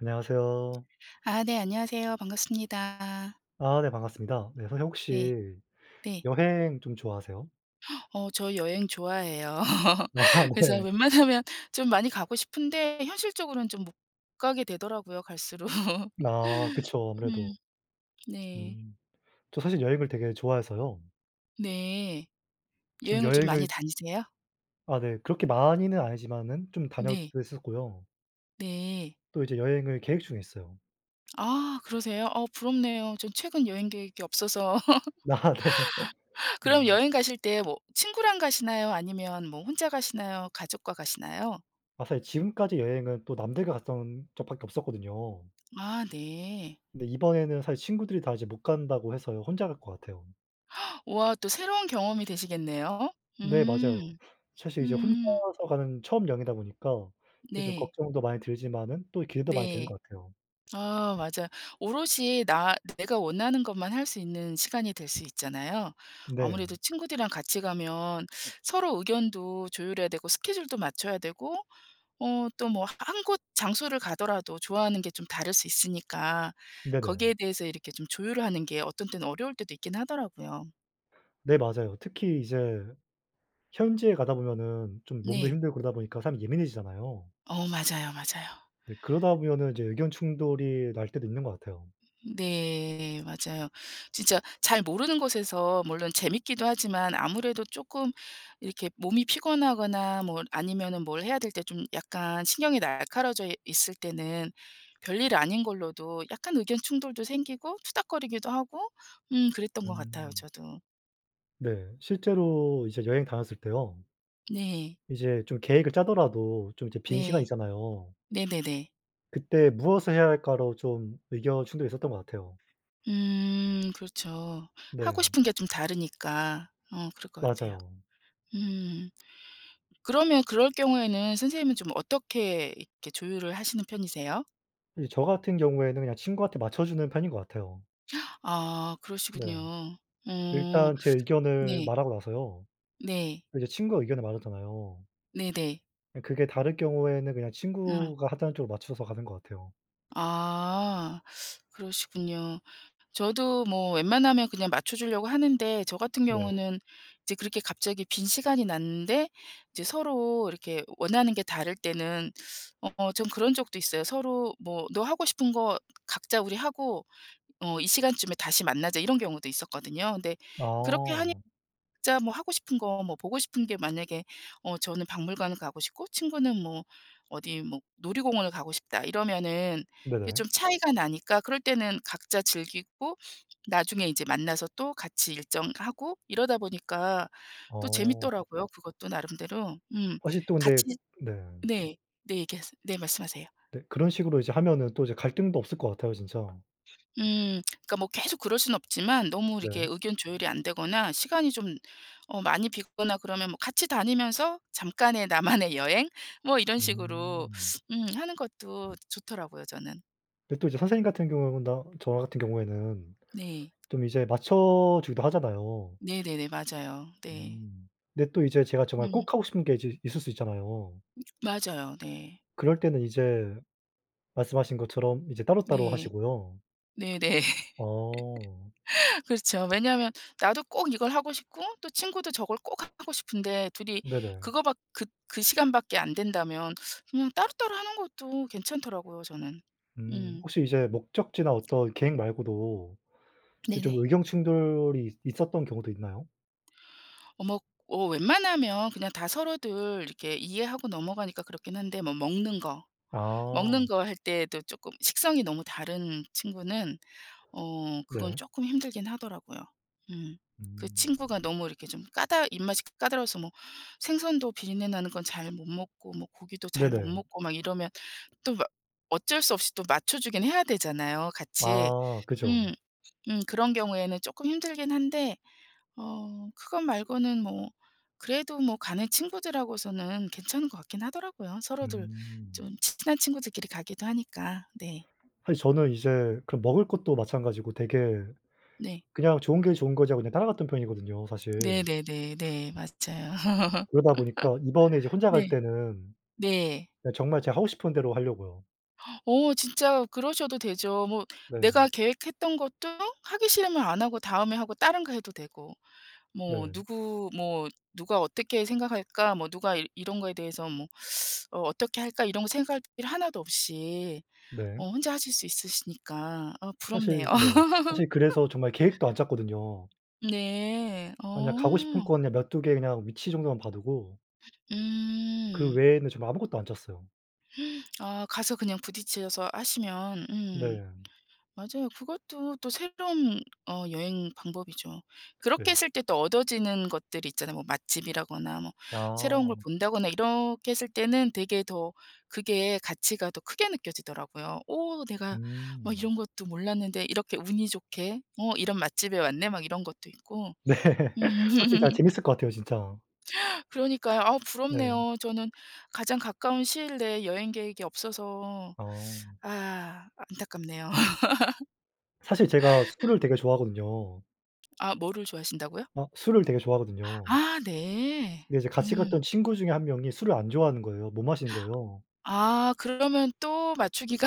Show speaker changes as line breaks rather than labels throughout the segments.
안녕하세요.
아 네 안녕하세요. 반갑습니다.
아 네 반갑습니다. 네 선생님
예
혹시
네.
여행 좀 좋아하세요?
어 저 여행 좋아해요.
아
그래서
네.
웬만하면 좀 많이 가고 싶은데 현실적으로는 좀 못 가게 되더라고요, 갈수록.
아 그쵸, 아무래도.
음 네.
음. 저 사실 여행을 되게 좋아해서요.
네.
지금
여행을 좀 많이
여행을
다니세요?
아 네. 그렇게 많이는 아니지만은 좀
네.
다녔기도 했었고요.
네.
또 이제 여행을 계획 중에 있어요.
아 그러세요? 어 부럽네요. 전 최근 여행 계획이 없어서.
아 네.
그럼
음.
여행가실 때 뭐 친구랑 가시나요, 아니면 뭐 혼자 가시나요, 가족과 가시나요?
아 사실 지금까지 여행은 또 남들과 갔던 적 밖에 없었거든요.
아 네.
근데 이번에는 사실 친구들이 다 이제 못 간다고 해서요 혼자 갈 것 같아요.
우와 또 새로운 경험이 되시겠네요.
네 맞아요.
음.
사실 이제
음.
혼자서 가는 처음 여행이다 보니까 되게 좀
네.
걱정도 많이 들지만은 또 기대도 많이 되는
네.
것 같아요.
아 맞아요. 오롯이 나 내가 원하는 것만 할 수 있는 시간이 될 수 있잖아요.
네.
아무래도 친구들이랑 같이 가면 서로 의견도 조율해야 되고 스케줄도 맞춰야 되고 어 또 뭐 1 곳 장소를 가더라도 좋아하는 게 좀 다를 수 있으니까 거기에
네네.
대해서 이렇게 좀 조율을 하는 게 어떤 때는 어려울 때도 있긴 하더라고요.
네 맞아요. 특히 이제 현지에 가다 보면은 좀 몸도
네.
힘들고 그러다 보니까 사람 예민해지잖아요.
어 맞아요, 맞아요.
네. 그러다 보면은 이제 의견 충돌이 날 때도 있는 것 같아요.
음 네 맞아요. 진짜 잘 모르는 곳에서 물론 재미있기도 하지만 아무래도 쪼끔 이렇게 몸이 피곤하거나 뭐 아니면 뭘 해야 될 때 좀 약간 신경이 날카로워져 있을 때는 별일 아닌 걸로도 약간 의견 충돌도 생기고 투닥거리기도 하고 음 그랬던 것 같아요,
음.
저도.
네. 실제로 이제 여행 다녔을 때요
네.
이제 좀 계획을 짜더라도 좀 이제 빈 시간이
네.
있잖아요.
네네네.
그때 무엇을 해야 할까로 좀 의견 충돌이 있었던 것 같아요.
음 그렇죠. 하고
네.
싶은 게 좀 다르니까 어 그럴 것 같아요.
맞아요.
음. 그러면 그럴 경우에는 선생님은 좀 어떻게 이렇게 조율을 하시는 편이세요?
이제 저 같은 경우에는 그냥 친구한테 맞춰주는 편인 것 같아요.
아
네.
그러시군요. 음.
일단 제 의견을
네.
말하고 나서요,
네.
이제 친구가 의견을 말하잖아요.
네네.
그 그게 다를 경우에는 그냥
음.
친구가 하자는 쪽으로 맞춰서 가는 것 같아요.
아. 그러시군요. 저도 뭐 웬만하면 그냥 맞춰주려고 하는데 저 같은
네.
경우는 이제 그렇게 갑자기 빈 시간이 났는데 이제 서로 이렇게 원하는 게 다를 때는 어 전 그런 적도 있어요. 서로 뭐 "너 하고 싶은 거 각자 우리 하고, 어 이 시간쯤에 다시 만나자." 이런 경우도 있었거든요. 근데 그렇게 하니
어.
각자 뭐 하고 싶은 것, 뭐 보고 싶은 게 만약에 '어 저는 박물관을 가고 싶고, 친구는 뭐 어디 뭐 놀이공원을 가고 싶다.' 이러면은 이게
네네.
좀 차이가 나니까 그럴 때는 각자 즐기고 나중에 이제 만나서 또 같이 일정하고 이러다 보니까 또
어.
재미있더라고요, 그것도 나름대로. 음.
사실 또 근데
같이
네.
네. 네, 얘기하세요. 네, 말씀하세요.
네. 그런 식으로 이제 하면은 또 이제 갈등도 없을 것 같아요, 진짜.
음. 그러니까 뭐 계속 그럴 수는 없지만 너무 이렇게
네.
의견 조율이 안 되거나 시간이 좀 어 많이 비거나 그러면 뭐 같이 다니면서 잠깐의 나만의 여행? 뭐 이런 식으로
음.
음 하는 것도 좋더라고요, 저는.
근데 또 이제 선생님 같은 경우보다 저 같은 경우에는
네.
좀 이제 맞춰 주기도 하잖아요.
네네네. 맞아요. 네.
음. 근데 또 이제 제가 정말
음.
꼭 하고 싶은 게 이제 있을 수 있잖아요.
맞아요. 네.
그럴때는 이제 말씀하신 것처럼 이제 따로따로
네.
하시고요.
네네.
어.
그렇죠. 왜냐하면 나도 꼭 이걸 하고 싶고, 또 친구도 저걸 꼭 하고 싶은데 둘이
네네.
그거 밖 그 그 시간 밖에 안된다면 뭐 따로따로 하는 것도 괜찮더라고요, 저는.
음.
음.
혹시 이제 목적지나 어떤 계획 말고도 이제 좀
네네.
의견 충돌이 이 있었던 경우도 있나요?
어 뭐 어 웬만하면 그냥 다 서로들 이렇게 이해하고 넘어가니까 그렇긴 한데 뭐 먹는 것
아.
먹는 것 할 때에도 쪼끔 식성이 너무 다른 친구는 어 그건
네.
쪼끔 힘들긴 하더라고요. 음. 그
음.
친구가 너무 이렇게 좀 까다 입맛이 까다로워서 뭐 생선도 비린내 나는 건 잘 못 먹고, 뭐 고기도 잘 못
네네.
먹고 막 이러면 또 뭐 어쩔 수 없이 또 맞춰주기는 해야 되잖아요, 같이.
아. 그죠.
음. 음. 그런 경우에는 쪼끔 힘들긴 한데 어 그것 말고는 뭐 그래도 뭐 가는 친구들 하고서는 괜찮은 것 같긴 하더라고요 서로들
음.
좀 친한 친구들끼리 가기도 하니까. 네.
사실 저는 이제 그 먹을 것도 마찬가지고 되게
네.
그냥 좋은 게 좋은 거지 하고 그냥 따라갔던 편이거든요, 사실.
네네네 네. 맞아요.
그러다 보니까 이번에 이제 혼자 갈
네.
때는
네.
예 정말 제가 하고 싶은 대로 할려고요.
어 진짜 그러셔도 되죠. 뭐
네.
내가 계획했던 것도 하기 싫으면 안 하고 다음에 하고 다른 거 해도 되고. '뭐
네.
누구 뭐 누가 어떻게 생각할까? 뭐 누가 이 이런 거에 대해서 뭐 어 어떻게 할까?' 이런 거 생각할 필요 하나도 없이
네.
어 혼자 하실 수 있으시니까 아 부럽네요.
사실 네. 사실 그래서 정말 계획도 안 짰거든요.
네.
아니 그냥 가고 싶은 곳
어.
그냥 몇 2 개 그냥 위치 정도만 봐 두고 그
음.
외에는 지금 아무것도 안 짰어요.
아 가서 그냥 부딪혀서 하시면 음.
네.
맞아요. 그것도 또 새로운 어 여행 방법이죠. 그렇게
네.
했을 때 또 얻어지는 것들이 있잖아요. 뭐 맛집이라거나 뭐 새로운 걸
아.
본다거나 이렇게 했을 때는 되게 더 그게 가치가 더 크게 느껴지더라고요. '어 내가 막
음.
이런 것도 몰랐는데 이렇게 운이 좋게 어 이런 맛집에 왔네?' 막 이런 것도 있고.
네.
음
확실히 진짜 재밌을 것 같아요, 진짜.
그러니까요. 아
네.
부럽네요. 저는 가장 가까운 시일 내에 여행 계획이 없어서
어.
아 안타깝네요.
사실 제가 술을 되게 좋아하거든요.
아 뭐를 좋아하신다고요?
아 술을 되게 좋아하거든요.
아 네.
근데 이제 같이
음.
갔던 친구 중에 1 명이 술을 안 좋아하는 거예요. 못 마시는 거예요.
아. 그러면 또 맞추기가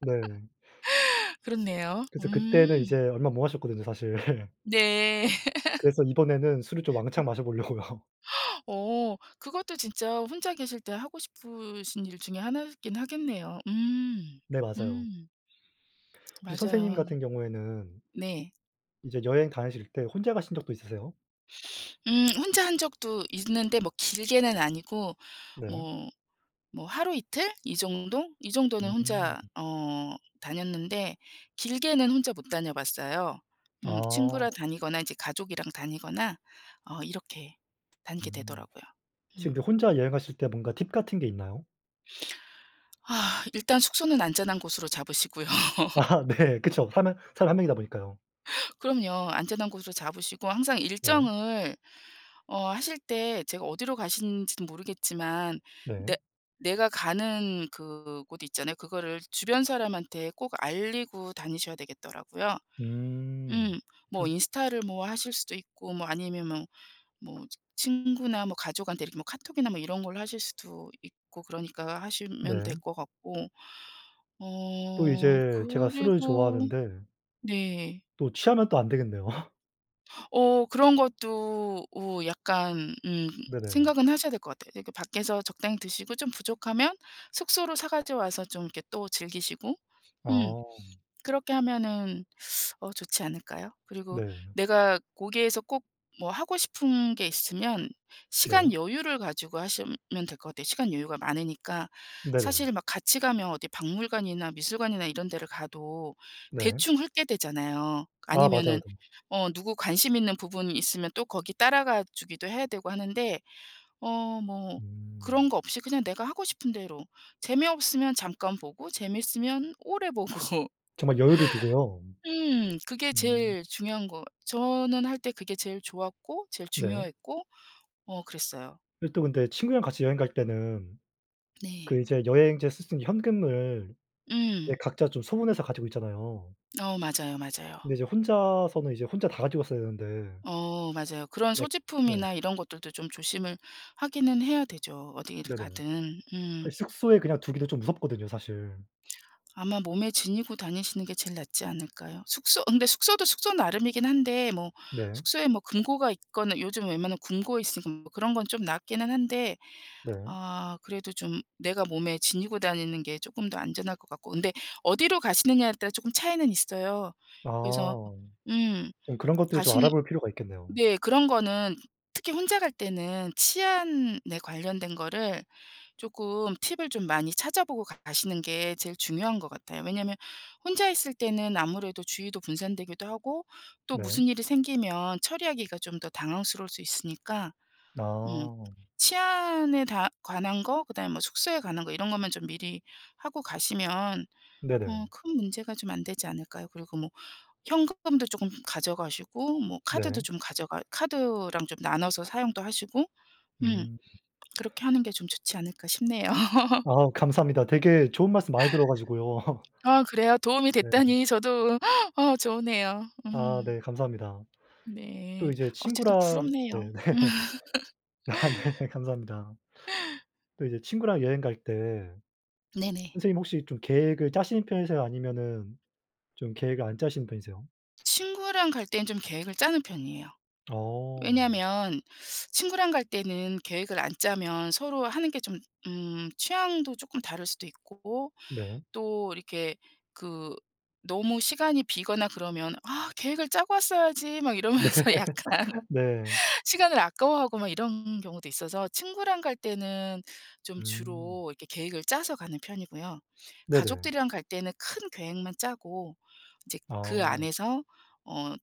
네.
그렇네요.
그래서 그때는 이제
음.
얼마 못 마셨거든요, 사실.
네.
그래서 이번에는 술을 좀 왕창 마셔 보려고요.
어 그것도 진짜 혼자 계실 때 하고 싶으신 일 중에 하나이긴 하겠네요. 음.
네, 맞아요.
음.
혹시 선생님
맞아요.
같은 경우에는
네.
이제 여행 다니실 때 혼자 가신 적도 있으세요?
음. 혼자 한 적도 있는데 뭐 길게는 아니고
네.
뭐 뭐 하루 이틀 이 정도 이 정도는
음.
혼자 어 다녔는데 길게는 혼자 못 다녀봤어요. 음. 친구랑
아.
다니거나 이제 가족이랑 다니거나 어 이렇게 다니게
음.
되더라고요. 음.
지금 근데 혼자 여행하실 때 뭔가 팁 같은 게 있나요?
아 일단 숙소는 안전한 곳으로 잡으시고요.
아. 네. 그쵸. 사람 한 사람은 1 명이다 보니까요.
그럼요. 안전한 곳으로 잡으시고 항상
네.
일정을 어 하실 때 제가 어디로 가시는지는 모르겠지만 내
네.
내가 가는 그 곳 있잖아요. 그거를 주변 사람한테 꼭 알리고 다니셔야 되겠더라고요.
음.
음. 뭐
또
인스타를 뭐 하실 수도 있고, 뭐 아니면 뭐 뭐 친구나 뭐 가족한테 이렇게 뭐 카톡이나 뭐 이런 걸로 하실 수도 있고 그러니까 하시면
네.
될 것 같고
또
어
이제 제가 술을
그리고
좋아하는데
네.
또 취하면 또 안되겠네요.
어 그런 것도 어 약간 음
네네.
생각은 하셔야 될 것 같아요. 그러니까 밖에서 적당히 드시고 좀 부족하면 숙소로 사 가지고 와서 좀 이렇게 또 즐기시고. 음.
어.
그렇게 하면은 어 좋지 않을까요? 그리고
네.
내가 거기에서 꼭 뭐 하고 싶은 게 있으면
네.
시간 여유를 가지고 하시면 될 것 같아요, 시간 여유가 많으니까.
네네.
사실은 막 같이 가면 어디 박물관이나 미술관이나 이런 데를 가도
네.
대충 훑게 되잖아요.
아 맞아요.
아니면은 어 누구 관심 있는 부분이 있으면 또 거기 따라가 주기도 해야 되고 하는데 어 뭐
음.
그런 것 없이 그냥 내가 하고 싶은 대로 재미없으면 잠깐 보고 재미있으면 오래 보고.
정말 여유를 두고요.
음 그게
음.
제일 중요한 거 저는 할 때 그게 제일 좋았고, 제일
네.
중요했고 어 그랬어요.
예 또 근데 친구랑 같이 여행 갈 때는 그
네.
이제 여행지에서 쓸 수 있는 현금을 이제
음.
각자 좀 소분해서 가지고 있잖아요.
어 맞아요, 맞아요.
근데 이제 혼자서는 이제 혼자 다 가지고 있어야 되는데.
어 맞아요. 그런
네 네.
소지품이나 이런 것들도 좀 조심을 하기는 해야 되죠, 어디를
네네.
가든.
그
음.
숙소에 그냥 두기도 좀 무섭거든요, 사실.
아마 몸에 지니고 다니시는 게 제일 낫지 않을까요? 숙소 그런데 숙소도 숙소 나름이긴 한데 뭐
네.
숙소에 뭐 금고가 있거나 요즘 웬만하면 금고 있으니 뭐 그런 건 좀 낫기는 한데
네.
아 그래도 좀 내가 몸에 지니고 다니는 게 쪼끔 더 안전할 것 같고. 그런데 어디로 가시느냐에 따라 쪼끔 차이는 있어요. 그래서
아.
음.
좀 그런 것들을 좀
가시는
알아볼 필요가 있겠네요.
네 그런 거는 특히 혼자 갈 때는 치안에 관련된 거를 쪼끔 팁을 좀 많이 찾아보고 가 가시는 게 제일 중요한 것 같아요. 왜냐하면 혼자 있을 때는 아무래도 주의도 분산되기도 하고 또
네.
무슨 일이 생기면 처리하기가 좀 더 당황스러울 수 있으니까. 음.
아.
치안에 다 관한 거, 그다음에 뭐 숙소에 관한 거 이런 것만 좀 미리 하고 가시면 어
네네.
큰 문제가 좀 안 되지 않을까요? 그리고 뭐 현금도 쪼끔 가져가시고, 뭐 카드도
네.
좀 가져가 카드랑 좀 나눠서 사용도 하시고 음
음.
'그렇게 하는 게 좀 좋지 않을까?' 싶네요.
아. 감사합니다. 되게 좋은 말씀 많이 들어 가지고요.
아 그래요? 도움이
네.
됐다니 저도 어 좋으네요.
아
음.
네. 감사합니다.
네.
또 이제
어쨌든
친구랑
부럽네요.
네 네. 아 네. 네 감사합니다. 또 이제 친구랑 여행 갈 때
네네.
선생님 혹시 이 좀 계획을 짜시는 편이세요? 아니면은 좀 계획을 안 짜시는 편이세요?
친구랑 갈 땐 좀 계획을 짜는 편이에요.
어.
왜냐하면 친구랑 갈 때는 계획을 안 짜면 서로 하는 게 좀 음. 취향도 쪼끔 다를 수도 있고.
네.
또 이렇게 그 너무 시간이 비거나 그러면 "아. 계획을 짜고 왔어야지." 막
네.
이러면서 약간.
네.
시간을 아까워하고 막 이런 경우도 있어서 친구랑 갈 때는 좀
음.
주로 이렇게 계획을 짜서 가는 편이고요.
네네.
가족들이랑 갈 때는 큰 계획만 짜고 이제 그
아.
안에서 어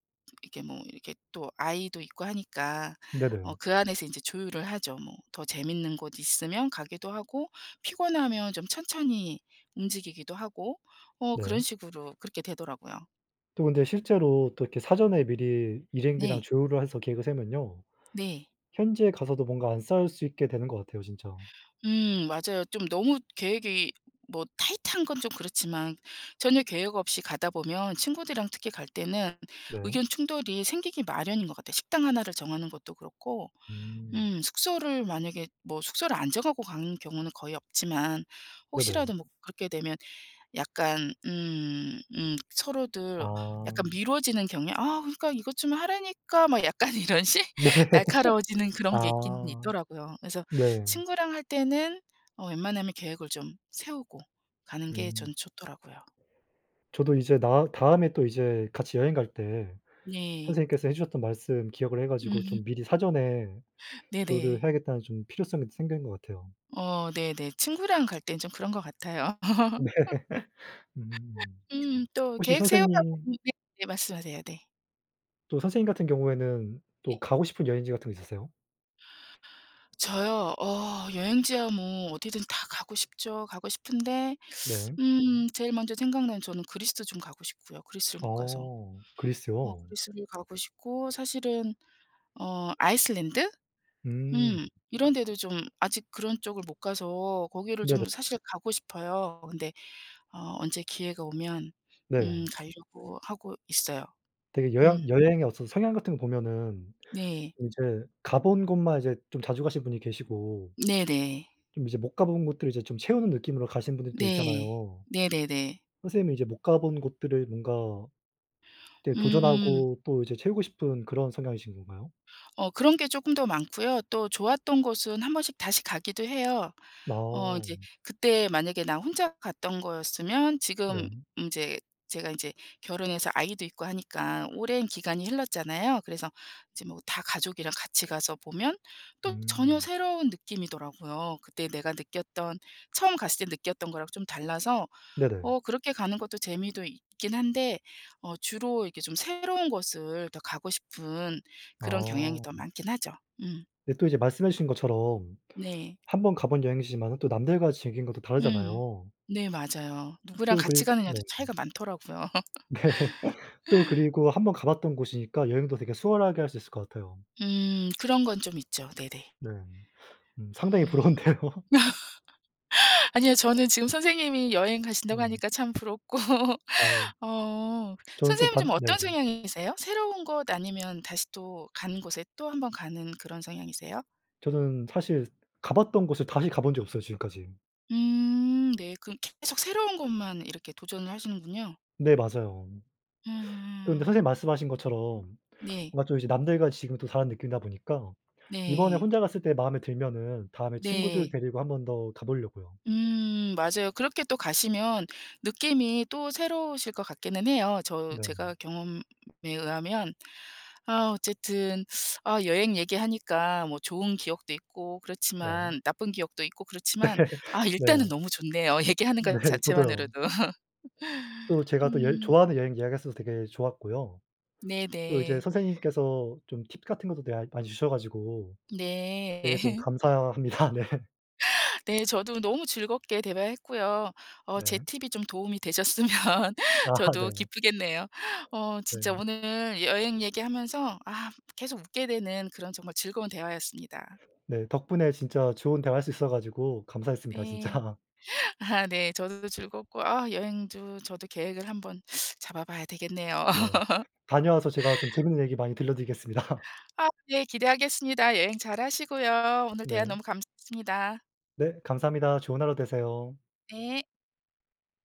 이렇게 뭐 이렇게 또 아이도 있고 하니까 어
네네.
그 안에서 인제 조율을 하죠. 뭐. 더 재미있는 곳 있으면 가기도 하고, 피곤하면 좀 천천히 움직이기도 하고. 어
네.
그런 식으로 그렇게 되더라고요.
또 근데 실제로 또 이렇게 사전에 미리 일행들이랑
네.
조율을 해서 계획을 세우면요,
네.
현지에 가서도 뭔가 안 싸울 수 있게 되는 것 같아요, 진짜.
음 맞아요. 좀 너무 계획이 뭐 타이트한 건 좀 그렇지만 전혀 계획 없이 가다 보면 친구들이랑 특히 갈 때는
네.
의견 충돌이 생기기 마련인 것 같아요, 식당 하나를 정하는 것도 그렇고
음.
음 숙소를 만약에 뭐 숙소를 안 정하고 가는 경우는 거의 없지만 혹시라도
네네.
뭐 그렇게 되면 약간 음 음 서로들 약간
아.
미뤄지는 경향 "아, 그러니까 이것 좀 하라니까." 막 약간 이런 식?
네.
날카로워지는 그런 게 있기는
아.
있더라고요. 그래서
네.
친구랑 할 때는 어 웬만하면 계획을 좀 세우고 가는 게
음.
저는 좋더라고요.
저도 이제 나 다음에 또 이제 같이 여행갈 때
네.
선생님께서 해 주셨던 말씀 기억을 해 가지고 좀 미리 사전에 조율을
네네.
해야겠다는 좀 필요성이 생긴 것 같아요.
어 네 네. 친구랑 갈 땐 좀 그런 것 같아요.
네. 음.
음 또
혹시
계획 세우다
선생님
보면 네 네 말씀하세요. 네.
또 선생님 같은 경우에는 또
네.
가고 싶은 여행지 같은 거 있으세요?
저요? 어 여행지야 뭐 어디든 다 가고 싶죠, 가고 싶은데
네.
음 제일 먼저 생각나는 저는 그리스도 좀 가고 싶고요, 그리스를 못 가서.
어.
어
그리스요.
그리스를 가고 싶고 사실은 어 아이슬란드?
음.
음. 이런 데도 좀 아직 그런 쪽을 못 가서 거기를
네네.
좀 사실 가고 싶어요. 근데 어 언제 기회가 오면 음
네.
가려고 하고 있어요.
되게
음.
여향 여행의 어떤 성향 같은 거 보면은
네.
좀 이제 가본 곳만 이제 좀 자주 가신 분이 계시고
네네.
좀 이제 못 가본 곳들을 이제 좀 채우는 느낌으로 가신 분들도
네.
있잖아요.
네네네.
선생님은 이제 못 가본 곳들을 뭔가 이렇게
음.
도전하고 또 이제 채우고 싶은 그런 성향이신 건가요?
어 그런 게 쪼끔 더 많고요 또 좋았던 곳은 한번씩 다시 가기도 해요. 어
어.
이제 그때 만약에 나 혼자 갔던 거였으면
네.
지금 이제 제가 이제 결혼해서 아이도 있고 하니까 오랜 기간이 흘렀잖아요. 그래서 이제 뭐 다 가족이랑 같이 가서 보면 또 전혀
음.
새로운 느낌이더라고요. 그때 내가 느꼈던, 처음 갔을 때 느꼈던 거랑 좀 달라서
네네.
어 그렇게 가는 것도 재미도 있긴 한데 어 주로 이렇게 좀 새로운 곳을 더 가고 싶은 그런 경향이
어.
더 많긴 하죠. 음.
근데 또 이제 말씀해 주신 것처럼
네.
1 번 가 본 여행지지만은 또 남들과 즐기는 건 또
음.
다르잖아요.
네, 맞아요. 누구랑
또
같이
글
가느냐도
네.
차이가 많더라고요.
네. 또 그리고 1 번 가봤던 곳이니까 여행도 되게 수월하게 할 수 있을 것 같아요.
음. 그런 건 좀 있죠. 네네.
네. 음. 상당히
음.
부러운데요.
아니요. 저는 지금 선생님이 여행 가신다고
네.
하니까 참 부럽고
어.
어.
저는 또
선생님은
반
좀
네.
어떤 성향이세요? 새로운 곳 아니면 다시 또 가는 곳에 또 한번 가는 그런 성향이세요?
저는 사실 가 봤던 곳을 다시 가 본 적이 없어요, 지금까지.
음 네. 그럼 계속 새로운 것만 이렇게 도전을 하시는군요.
네 맞아요. 또 근데
음.
선생님 말씀하신 것처럼
네.
뭔가 좀 이제 남들과 지금은 또 다른 느낌이다 보니까 이번에
네.
혼자 갔을 때 마음에 들면은 다음에 친구들
네.
데리고 1 번 더 가보려구요.
음 맞아요. 그렇게 또 가시면 느낌이 또 새로우실 것 같기는 해요, 저
네.
제가 경험에 의하면. 아 어쨌든 아 여행 얘기하니까 뭐 좋은 기억도 있고
네.
그렇지만 나쁜 기억도 있고 그렇지만 아
네.
일단은 너무 좋네요, 얘기하는
네
것
저도요.
자체만으로도.
또 제가 또 여
음.
좋아하는 여행 이야기 했어서 되게 좋았고요, 또 이제
네네.
선생님께서 좀 팁 같은 것도 네 아 많이 주셔 가지고
네.
되게 좀 감사합니다. 네
네, 저도 너무 즐겁게 대화했고요. 어 제
네.
팁이 좀 도움이 되셨으면
아
저도
네.
기쁘겠네요. 어 진짜
네.
오늘 여행 얘기하면서 아 계속 웃게 되는 그런 정말 즐거운 대화였습니다.
네. 덕분에 진짜 좋은 대화할 수 있어 가지고 감사했습니다,
예.
진짜.
아 네. 저도 즐겁고 아 여행도 저도 계획을 한번 잡아 봐야 되겠네요.
네. 다녀와서 제가 좀 재밌는 얘기 많이 들려드리겠습니다.
아 예 기대하겠습니다. 여행 잘 하시고요 오늘 대화
네.
너무 감사했습니다.
네 감사합니다. 좋은 하루 되세요.
네.